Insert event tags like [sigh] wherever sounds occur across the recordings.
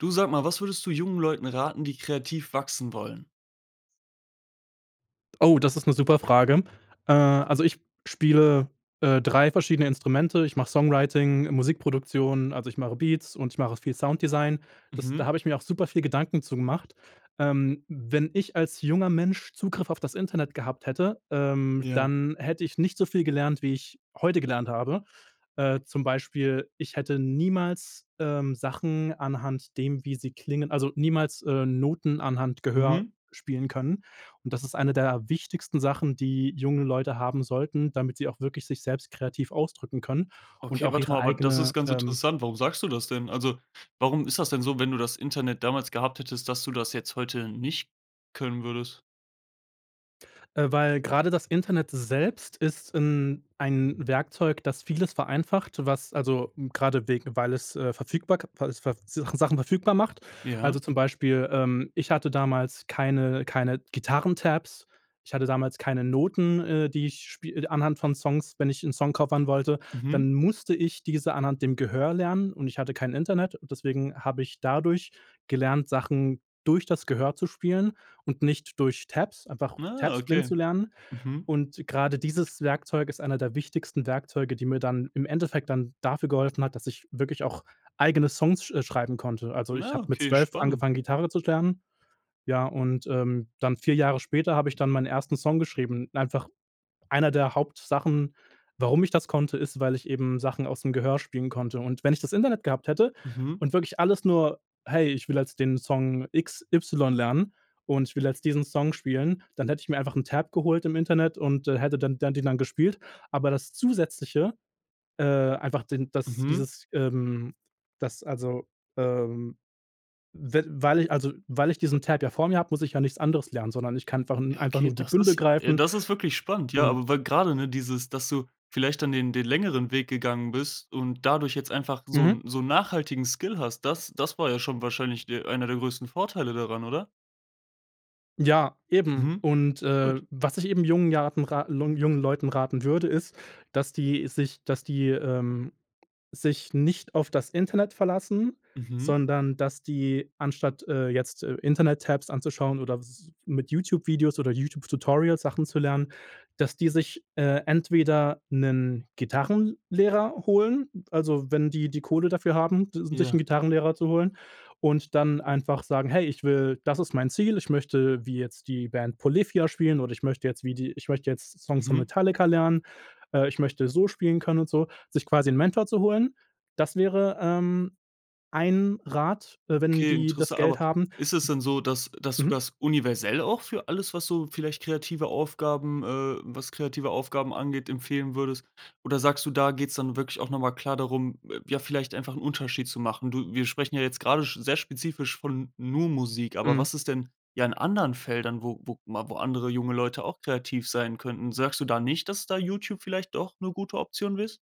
Du sag mal, was würdest du jungen Leuten raten, die kreativ wachsen wollen? Oh, das ist 'ne super Frage. Äh, also, ich spiele, äh, 3 verschiedene Instrumente. Ich mache Songwriting, Musikproduktion, also, ich mache Beats und ich mache viel Sounddesign. Das da Mhm. habe ich mir auch super viel Gedanken zu gemacht. Ähm, wenn ich als junger Mensch Zugriff auf das Internet gehabt hätte, ähm, Ja. dann hätte ich nicht so viel gelernt, wie ich heute gelernt habe. Äh, zum Beispiel ich hätte niemals, ähm, Sachen anhand dem, wie sie klingen also, niemals, äh, Noten anhand Gehör Mhm. spielen können und das ist eine der wichtigsten Sachen, die junge Leute haben sollten, damit sie auch wirklich sich selbst kreativ ausdrücken können und Okay, auch warte mal, ihre aber das ist eigene, ganz ähm interessant. Warum sagst du das denn? Also, warum ist das denn so, wenn du das Internet damals gehabt hättest, dass du das jetzt heute nicht können würdest? Äh, weil gerade das Internet selbst ist in ein Werkzeug, das vieles vereinfacht, was also, gerade wegen, weil es, äh, verfügbark weil es ver Sach Sachen verfügbar macht. Ja. Also, zum Beispiel, ähm, ich hatte damals keine keine Gitarren Tabs, ich hatte damals keine Noten, äh, die ich spie anhand von Songs, wenn ich 'nen Song covern wollte, Mhm. dann musste ich diese anhand dem Gehör lernen und ich hatte kein Internet deswegen habe ich dadurch gelernt, Sachen durch das Gehör zu spielen und nicht durch Tabs, einfach Ah, Tabs blind okay. zu lernen Mhm. und gerade dieses Werkzeug ist einer der wichtigsten Werkzeuge, die mir dann im Endeffekt dann dafür geholfen hat, dass ich wirklich auch eigene Songs, sch äh, schreiben konnte. Also, ich Na, habe mit okay, 12 spannend. angefangen Gitarre zu lernen, ja und, ähm, dann 4 Jahre später habe ich dann meinen 1. Song geschrieben, einfach einer der Hauptsachen, warum ich das konnte ist, weil ich eben Sachen aus dem Gehör spielen konnte und wenn ich das Internet gehabt hätte Mhm. und wirklich alles nur: „Hey, ich will jetzt den Song X Y lernen und ich will jetzt diesen Song spielen“, dann hätte ich mir einfach 'n Tab geholt im Internet und, äh, hätte dann dann den dann gespielt, aber das zusätzliche äh, einfach den, dass Mhm. dieses, ähm, dass also ähm, we weil ich also weil ich diesen [unintelligible] Tab ja vor mir habe, muss ich ja nichts anderes lernen, sondern ich kann ver Ja, einfach okay, nur die das Bündel ist greifen das ist wirklich spannend, ja, und aber weil grade, ne, dieses, dass du vielleicht dann den den längeren Weg gegangen bist und dadurch jetzt einfach so Mhm. 'n so 'n nachhaltigen Skill hast, das das war ja schon wahrscheinlich de einer der größten Vorteile daran, oder? Ja eben Mhm. und, äh, Gut. was ich eben jungen jaten raten lung jungen Leuten raten würde ist, dass die sich dass die, ähm, sich nicht auf das Internet verlassen, Mhm. sondern, dass die anstatt, äh, jetzt, äh, Internet-Tabs anzuschauen oder s mit YouTube Videos oder YouTube-Tutorials Sachen zu lernen, dass die sich, äh, entweder 'nen Gitarrenlehrer holen, also, wenn die die Kohle dafür haben, [unintelligible] sich 'nen Ja. Gitarrenlehrer zu holen und dann einfach sagen: „Hey, ich will das ist mein Ziel, ich möchte wie jetzt die Band Polyphia spielen oder ich möchte jetzt wie die ich möchte jetzt Songs von Mhm. Metallica lernen. Äh, ich möchte so spielen können“, und so. Sich quasi 'n Mentor zu holen, das wäre, ähm, ein Rat, äh, wenn Okay, die interess das Geld aber haben. ist es denn so, dass dass du Mhm. das universell auch für alles, was so vielleicht kreative Aufgaben äh, was kreative Aufgaben angeht, empfehlen würdest? Oder sagst du, da geht's dann wirklich auch noch mal klar darum, äh, ja vielleicht einfach 'n Unterschied zu machen? Du wir sprechen ja jetzt grade sch sehr spezifisch von nur Musik, aber Mhm. was ist denn ja in anderen Feldern, wo wo mal wo andere junge Leute auch kreativ sein könnten? Sagst du da nicht, dass da YouTube vielleicht doch 'ne gute Option ist?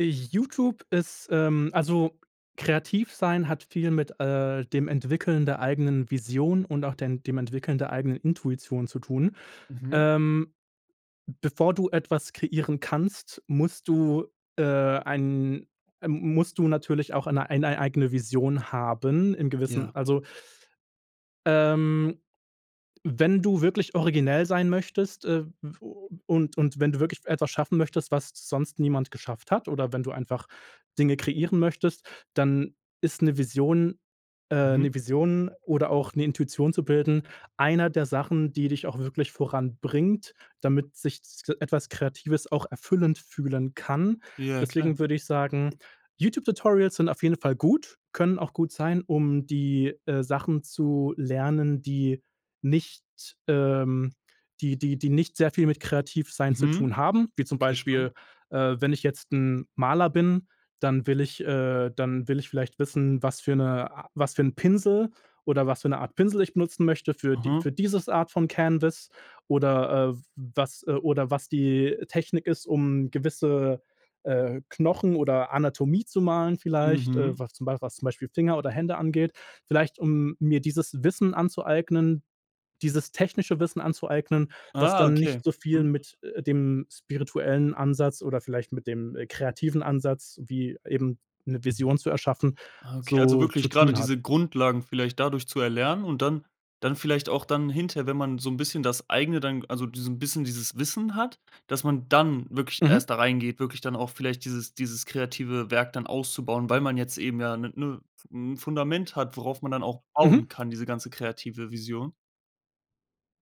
YouTube ist ähm, also, kreativ sein hat viel, mit, äh, dem Entwickeln der eigenen Vision und auch den dem Entwickeln der eigenen Intuition zu tun. Mhm. Ähm, bevor du etwas kreieren kannst, musst du äh, ein, m musst du natürlich auch eine ein ei eigene Vision haben, in gewissen, Ja. also ähm, wenn du wirklich originell sein möchtest, äh, w u und und wenn du wirklich etwas schaffen möchtest, was sonst niemand geschafft hat oder wenn du einfach Dinge kreieren möchtest, dann ist 'ne Vision äh, Mhm. 'ne Vision oder auch, ne, Intuition zu bilden, einer der Sachen, die dich auch wirklich voranbringt, damit sich s etwas Kreatives auch erfüllend fühlen kann. Ja klar. Deswegen würde ich sagen, YouTube Tutorials sind auf jeden Fall gut, können auch gut sein, um die, äh, Sachen zu lernen, die nicht ähm, die die die nicht sehr viel mit kreativ sein zu Mhm. tun haben, wie zum Okay, Beispiel, spannend. äh, wenn ich jetzt 'n Maler bin, dann will ich äh, dann will ich vielleicht wissen, was für 'ne a was für 'n Pinsel, oder was für 'ne Art Pinsel ich benutzen möchte für die Aha. für dieses Art von Canvas oder, äh, was äh, oder was die Technik ist, um gewisse, äh, Knochen oder Anatomie zu malen vielleicht, äh, Mhm. was zum Bei was zum Beispiel Finger oder Hände angeht. Vielleicht um mir dieses Wissen anzueignen, dieses technische Wissen anzueignen, was Ah, dann okay. nicht so viel Hm. mit, äh, dem spirituellen Ansatz oder vielleicht mit dem, äh, kreativen Ansatz, wie eben 'ne Vision zu erschaffen, Ah, okay, also, so zu wirklich grade tun hat. diese Grundlagen vielleicht dadurch zu erlernen und dann dann vielleicht auch dann hinterher, wenn man so 'n bisschen das Eigene dann, g also, diesen bisschen dieses Wissen hat, dass man dann wirklich Mhm. erst da reingeht, wirklich dann auch vielleicht dieses dieses kreative Werk dann auszubauen, weil man jetzt eben ja damit ne 'ne f m Fundament hat, worauf man dann auch Mhm. bauen kann, diese ganze kreative Vision.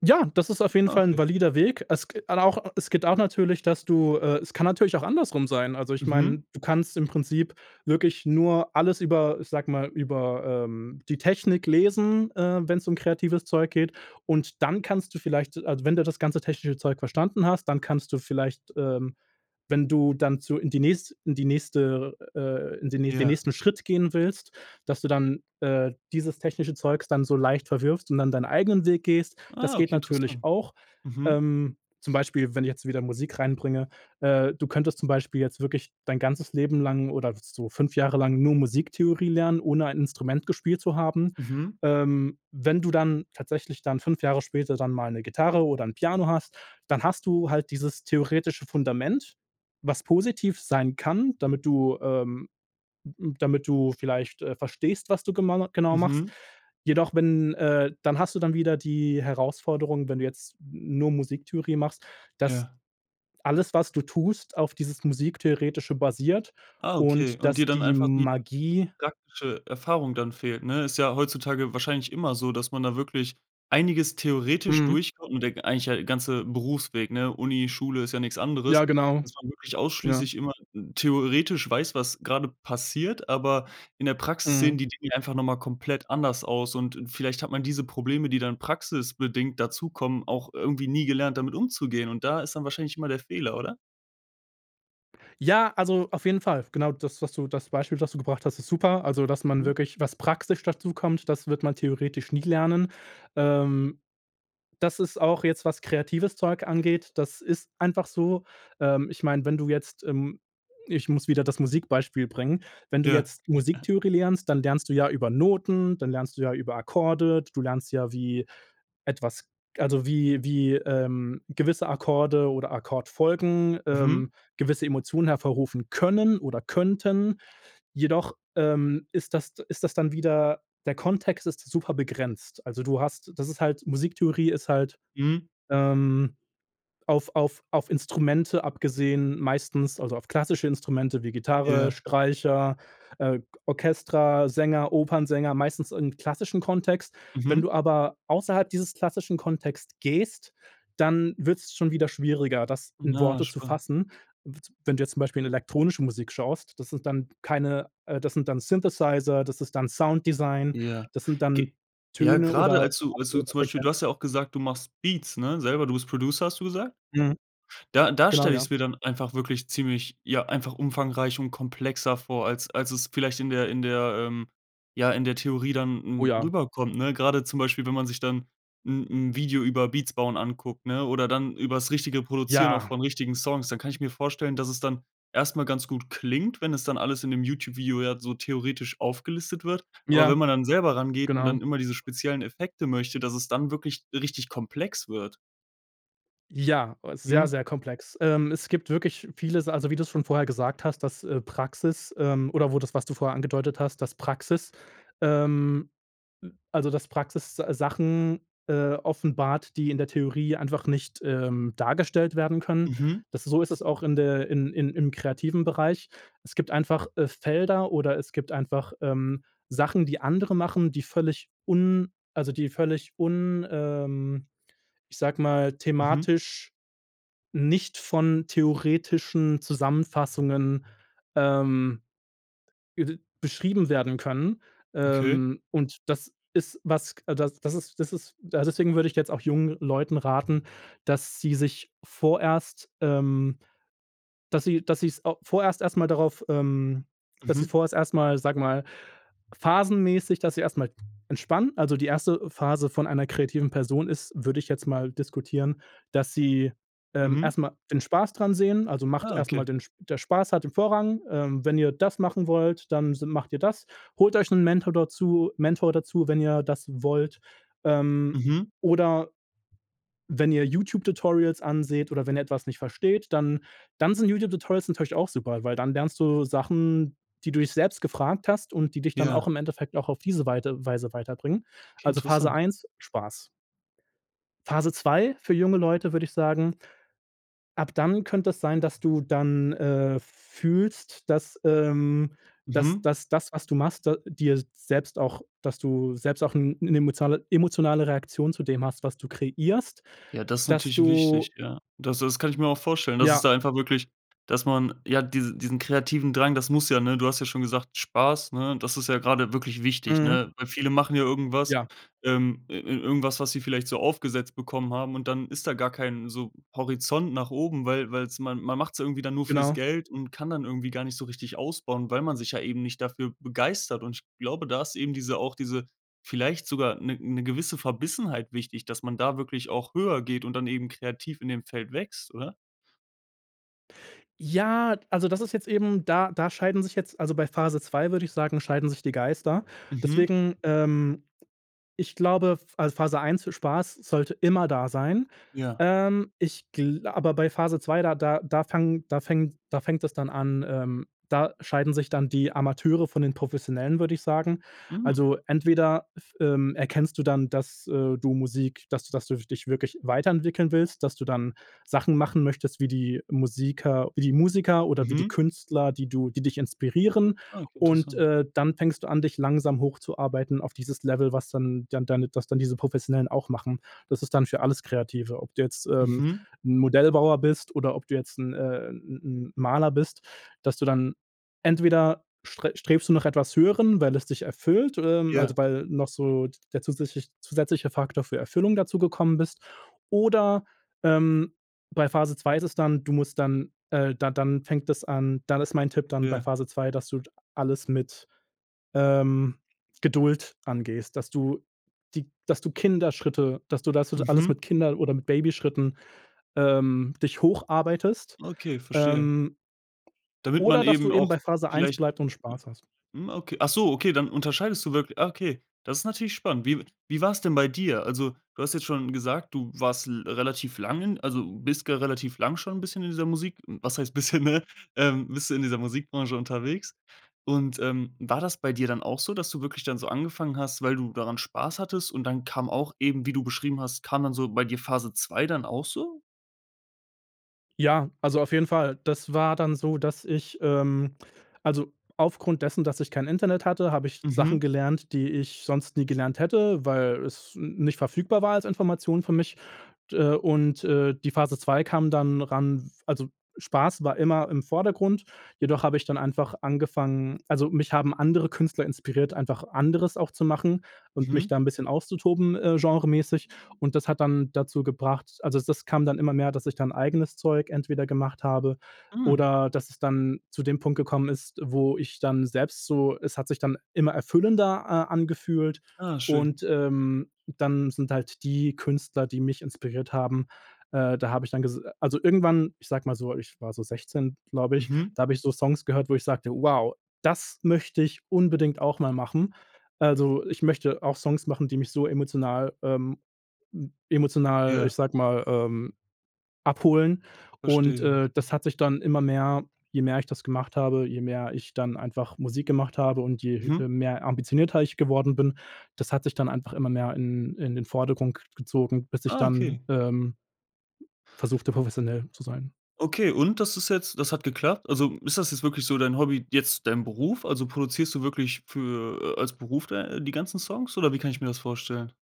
Ja, das ist auf jeden Ah, Fall 'n okay. valider Weg. Es g al auch es geht auch natürlich, dass du äh, es kann natürlich auch andersrum sein. Also ich meine, Mhm. du kannst im Prinzip wirklich nur alles über ich sage mal, über, ähm, die Technik lesen, äh, wenn's um kreatives Zeug geht und dann kannst du vielleicht also, wenn du das ganze technische Zeug verstanden hast, dann kannst du vielleicht, ähm, wenn du dann zu in die nächste in die nächste äh, äh, in den nä den Ja. nächsten Schritt gehen willst, dass du dann, äh, dieses technische Zeugs dann so leicht verwirfst und dann deinen eigenen Weg gehst. Das Ah, geht okay, natürlich interessant, auch. mhm. Ähm, zum Beispiel, wenn ich jetzt wieder Musik reinbringe, äh, du könntest zum Beispiel jetzt wirklich dein ganzes Leben lang oder so 5 Jahre lang nur Musiktheorie lernen, ohne ein Instrument gespielt zu haben. Mhm. Ähm, wenn du dann tatsächlich dann 5 Jahre später dann mal 'ne Gitarre oder 'n Piano hast, dann hast du halt dieses theoretische Fundament, was positiv sein kann, damit du ähm, damit du vielleicht, äh, verstehst, was du gemana genau machst. Mhm. Jedoch wenn äh, dann hast du dann wieder die Herausforderung, wenn du jetzt n nur Musiktheorie machst, dass Ja. alles was du tust auf dieses Musiktheoretische basiert Ah, okay, und und dir dass dann die einfach die Magie praktische Erfahrung dann fehlt, ne? Ist ja heutzutage wahrscheinlich immer so, dass man da wirklich einiges theoretisch Mhm. durchkommt und der eigentlich ja ganze Berufsweg, ne? Uni, Schule ist ja nichts anderes, Ja genau. dass man wirklich Ja. ausschließlich immer n theoretisch weiß, was gerade passiert, aber in der Praxis sehen Mhm. die Dinge einfach noch mal komplett anders aus und, äh, vielleicht hat man diese Probleme, die dann praxisbedingt dazukommen, auch irgendwie nie gelernt damit umzugehen und da ist dann wahrscheinlich immer der Fehler, oder? Ja, also, auf jeden Fall, genau das was du das Beispiel, das du gebracht hast, ist super, also, dass man Mhm. wirklich was praktisch dazu kommt, das wird man theoretisch nie lernen. Ähm, das ist auch jetzt was kreatives Zeug angeht, das ist einfach so. Ähm, ich meine, wenn du jetzt, ähm ich muss wieder das Musik-Beispiel bringen. Wenn du Ja. jetzt [chuckles] Musiktheorie lernst, dann lernst du ja über Noten, dann lernst du ja über Akkorde, du lernst ja wie etwas also, wie wie, ähm, gewisse Akkorde oder Akkordfolgen, Mhm. ähm, gewisse Emotionen hervorrufen können oder könnten, jedoch, ähm, ist das ist das dann wieder der Kontext ist super begrenzt. Also, du hast das ist halt Musiktheorie ist halt, Mhm. ähm, auf auf auf Instrumente abgesehen meistens also, auf klassische Instrumente, wie Gitarre, Yeah. Streicher, äh, Orchestra, Sänger, Opernsänger meistens im klassischen Kontext. Wenn du Mhm. aber außerhalb dieses klassischen Kontext gehst, dann wird's schon wieder schwieriger, das in Ah, Worte zu spannend. fassen. Wid Wenn du jetzt zum Beispiel in 'ne elektronische Musik schaust, das sind dann keine äh, das sind dann Synthesizer, das ist dann Sounddesign, Ja, das sind g dann ja, Töne grade oder als du als du andere zum Beispiel, du hast ja Frequenzen. auch gesagt, du machst Beats, ne, selber. Du bist Producer, hast du gesagt. Mhm, Da da genau stelle ich ja. es mir dann einfach wirklich ziemlich ja, einfach umfangreich und komplexer vor, als als es vielleicht in der in der ähm, ja, in der Theorie dann Oh, n r ja. rüberkommt, ne? Grade zum Beispiel, wenn man sich dann 'n 'n Video über Beats bauen anguckt, ne, oder dann übers richtige Produzieren auch Ja. von richtigen Songs, dann kann ich mir vorstellen, dass es dann erst mal ganz gut klingt, wenn es dann alles in dem Youtube-Video ja so theoretisch aufgelistet wird. Aber wenn Ja, man dann selber rangeht und genau. dann immer diese speziellen Effekte möchte, dass es dann wirklich richtig komplex wird. Ja, sehr, Mhm. sehr komplex. Ähm, es gibt wirklich vieles, also, wie du's schon vorher gesagt hast, dass, äh, Praxis ähm, oder wo das, was du vorher angedeutet hast, das Praxis ähm, also, dass Praxis Sachen, äh, offenbart, die in der Theorie einfach nicht, ähm, dargestellt werden können. Mhm. Das so ist es auch, in der in in im kreativen Bereich. Es gibt einfach, äh, Felder oder es gibt einfach, ähm, Sachen, die andere machen, die völlig un also, die völlig un ähm, ich sage mal, Mhm. thematisch nicht von theoretischen Zusammenfassungen, ähm, i beschrieben werden können, Okay. ähm, und das ist was, das ist das ist deswegen würde ich jetzt auch jungen Leuten raten, dass sie sich vorerst ähm, dass sie dass sie's au vorerst erst mal darauf ähm, dass sie Mhm. vorher erst mal, sage mal, phasenmäßig, dass sie erst mal entspannen. Also, die 1. Phase von einer kreativen Person ist, würde ich jetzt mal diskutieren, dass sie, ähm, Mhm. erst mal den Spaß dran sehen. Also, macht Ah, erst mal okay. den der Spaß hat im Vorrang, ähm, wenn ihr das machen wollt, dann s macht ihr das, holt euch 'n Mentor dazu Mentor dazu, wenn ihr das wollt, ähm, Mhm. oder wenn ihr YouTube-Tutorials anseht oder wenn ihr etwas nicht versteht, dann dann sind YouTube-Tutorials natürlich auch super, weil dann lernst du Sachen, die du dich selbst gefragt hast und die dich dann auch Ja. im Endeffekt auch auf diese Weite Weise weiterbringen. Okay, Also, Phase interessant. 1, Spaß. Phase 2 für junge Leute würde ich sagen, ab dann könnte es sein, dass du dann, äh, fühlst, dass, ähm, dass Mhm. dass das, was du machst dir selbst auch dass du selbst auch 'n 'ne emotio emotionale Reaktion zu dem hast, was du kreierst, Ja, das ist dass natürlich wichtig, du ja. Das das kann ich mir auch vorstellen, dass es Ja. da einfach wirklich dass man, ja, diesen diesen kreativen Drang, das muss ja, ne? Du hast ja schon gesagt, Spaß, ne, das ist ja gerade wirklich wichtig, Mhm. ne? Weil viele machen ja irgendwas, Ja. ähm, ir irgendwas, was sie vielleicht so aufgesetzt bekommen haben und dann ist da gar kein so Horizont nach oben, weil weil's man man macht's irgendwie dann nur fürs Genau. Geld und kann dann irgendwie gar nicht so richtig ausbauen, weil man sich ja eben nicht dafür begeistert. Und ich glaube, da ist eben diese auch diese vielleicht sogar 'ne 'ne gewisse Verbissenheit wichtig, dass man da wirklich auch höher geht und dann eben kreativ in dem Feld wächst, oder? Ja, also, das ist jetzt eben, da da scheiden sich jetzt also, bei Phase 2, würde ich sagen, scheiden sich die Geister. Mhm. Deswegen, ähm, ich glaube, f also, Phase 1, Spaß sollte immer da sein. Ja. Ähm, ich gla aber bei Phase 2, da da da fangen da fängt da fängt es dann an, ähm, da scheiden sich dann die Amateure von den Professionellen, würde ich sagen. Mhm. Also, entweder f ähm, erkennst du dann, dass, äh, du Musik dass du das du dich wirklich weiterentwickeln willst, dass du dann Sachen machen möchtest wie die Musiker wie die Musiker oder wie die Mhm. Künstler, die du die dich inspirieren Ah, okay, und, interessant. äh, dann fängst du an dich langsam hochzuarbeiten auf dieses Level, was dann dann deine dass dann diese Professionellen auch machen. Das ist dann für alles Kreative, ob du jetzt, ähm, Mhm. Modellbauer bist oder ob du jetzt, 'n, äh, 'n 'n Maler bist, dass du dann entweder st-strebst du nach etwas Höherem, weil es dich erfüllt, ähm, also, Ja. weil noch so der zusätzlich zusätzliche Faktor für Erfüllung dazugekommen bist oder, ähm, bei Phase 2 ist es dann, du musst dann äh, d dann fängt das an. Dann ist mein Tipp dann bei Ja. Phase 2, dass du alles mit, ähm, Geduld angehst, dass du die dass du Kinderschritte dass du das alles mit Mhm. Kinder oder mit Babyschritten, ähm, dich hocharbeitest, Okay, verstehe. ähm, Damit man oder dass du eben eben auch bei Phase 1 vielleicht bleibst und Spaß hast. hm, okay. Ach so, okay, dann unterscheidest du wirklich. Ah, okay, ist natürlich spannend. Wie wie war's denn bei dir? Also, du hast jetzt schon gesagt, du warst l relativ lang in also, bist ger relativ lang schon bisschen in dieser Musik. Was heißt bisschen, ne, ähm, bist du in dieser Musikbranche unterwegs. Und, ähm, war das bei dir dann auch so, dass du wirklich dann so angefangen hast, weil du daran Spaß hattest und dann kam auch eben wie du beschrieben hast, kam dann so bei dir Phase 2 dann auch so? Ja, also, auf jeden Fall! Das war dann so, dass ich ähm, also, aufgrund dessen, dass ich kein Internet hatte, habe ich Sachen Mhm. gelernt, die ich sonst nie gelernt hätte, weil es n nicht verfügbar war als Information für mich, d und, äh, und die Phase 2 kam dann ran w also, Spaß war immer im Vordergrund, jedoch habe ich dann einfach angefangen also, mich haben andere Künstler inspiriert, einfach anderes auch zu machen und mich Mhm. da 'n bisschen auszutoben, äh, genremäßig. Und das hat dann dazu gebracht also, das kam dann immer mehr, dass ich dann eigenes Zeug entweder gemacht habe Hm. oder das es dann zu dem Punkt gekommen ist, wo ich dann selbst so äh, es hat sich dann immer erfüllender a angefühlt Ah, schön. und, ähm, dann sind halt die Künstler, die mich inspiriert haben, äh, da habe ich dann gesa also, irgendwann, ich sage mal so, ich war so 16 glaube ich, Mhm. da habe ich so Songs gehört, wo ich sagte: „Wow, das möchte ich unbedingt auch mal machen. Also, ich möchte auch Songs machen, die mich so emotional ähm, m emotional, äh, Ja. ich sage mal, ähm, abholen und, Verstehe. äh, das hat sich dann immer mehr je mehr ich das gemacht habe, je mehr ich dann einfach Musik gemacht habe und je Mhm. he mehr ambitionierter ich geworden bin, das hat sich dann einfach immer mehr in in den Vordergrund k gezogen, bis ich Ah, dann, okay. ähm, versuchte professionell zu sein. Okay, und das ist jetzt das hat geklappt? Also, hm, ist das jetzt wirklich so dein Hobby, jetzt dein Beruf? Also, produzierst du wirklich für äh, als Beruf dei die ganzen Songs oder wie kann ich mir das vorstellen?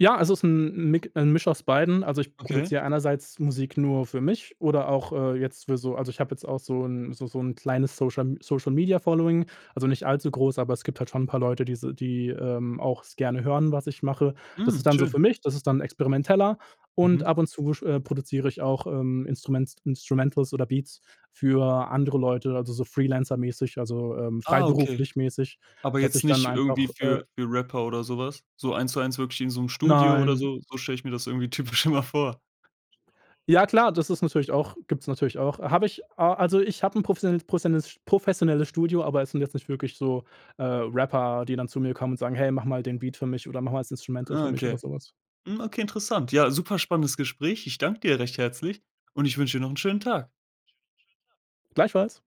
Ja, also, ist 'n 'n Mik 'n Misch aus beiden, also, ich Okay. produziere einerseits Musik nur für mich oder auch, äh, jetzt für so also, ich habe jetzt auch so 'n so so 'n kleines Social Social Media Following, also, nicht allzu groß, aber es gibt halt schon 'n paar Leute, die se die, ähm, auch es gerne hören, was ich mache. Das Hm, ist dann so für schön. mich, das ist dann experimenteller und Mhm. ab und zu sch produziere ich auch, ähm, Instruments Instrumentals oder Beats für andere Leute, also, so freelancer-mäßig also, ähm, Ah, okay. freiberuflich-mäßig, Aber dass jetzt ich dann nicht irgendwie einfach, äh für für Rapper oder so was? So eins zu eins wirklich wie in so 'nem Studio oder Nein. so? So stelle ich mir das irgendwie typisch immer vor. Ja klar, das ist natürlich auch gibt's natürlich auch. Habe ich, a also, ich hab 'n professionelles prossionelles professionelles Studio, aber es sind jetzt nicht wirklich so, äh, Rapper, die dann zu mir kommen und sagen: „Hey, mache mal den Beat für mich oder mache mal das Instrumental für Ah, mich“ oder okay. sowas. Hm, okay, interessant. Ja, super spannendes Gespräch. Ich danke dir recht herzlich und ich wünsche dir noch 'n schönen Tag. Gleichfalls.